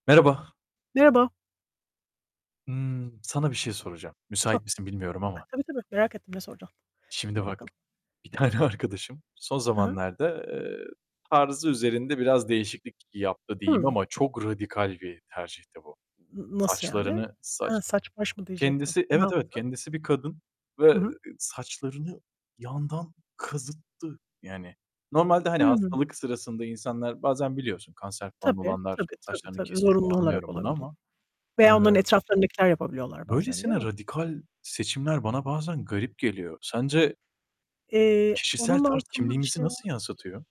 Merhaba. Merhaba. Imm, sana bir şey soracağım. Sor. Müsait misin bilmiyorum A, ama. tabii, tabii merak ettim, ne soracakasın. Şimdi Sor bak, bakalım. bir tane arkadaşım son Hı hı. zamanlarda, eee, tarzı üzerinde biraz değişiklik yaptı diyeyim Hımm. ama çok radikal bir tercihti bu. N nasıl yani? Saçlarını He, saç saç baş mı diyecektim, kendisi, ne evet evet yaptı? kendisi bir kadın Hı ve hı. saçlarını yandan kazıttı yani. Normalde, hani, Hımm. hastalık sırasında insanlar bazen biliyorsun, kanser falan Tabii, olanlar tabii, saçlarını tabii, kesiyor, zorunlu olarak anlıyorum onu olabiliyor ama, eee veya onların etrafındakiler yapabiliyorlar bazen değil Böylesine mi? radikal seçimler bana bazen garip geliyor. Sence Eee, Kişisel onun tarz altında bir kimliğimizi şey var. nasıl yansıtıyor?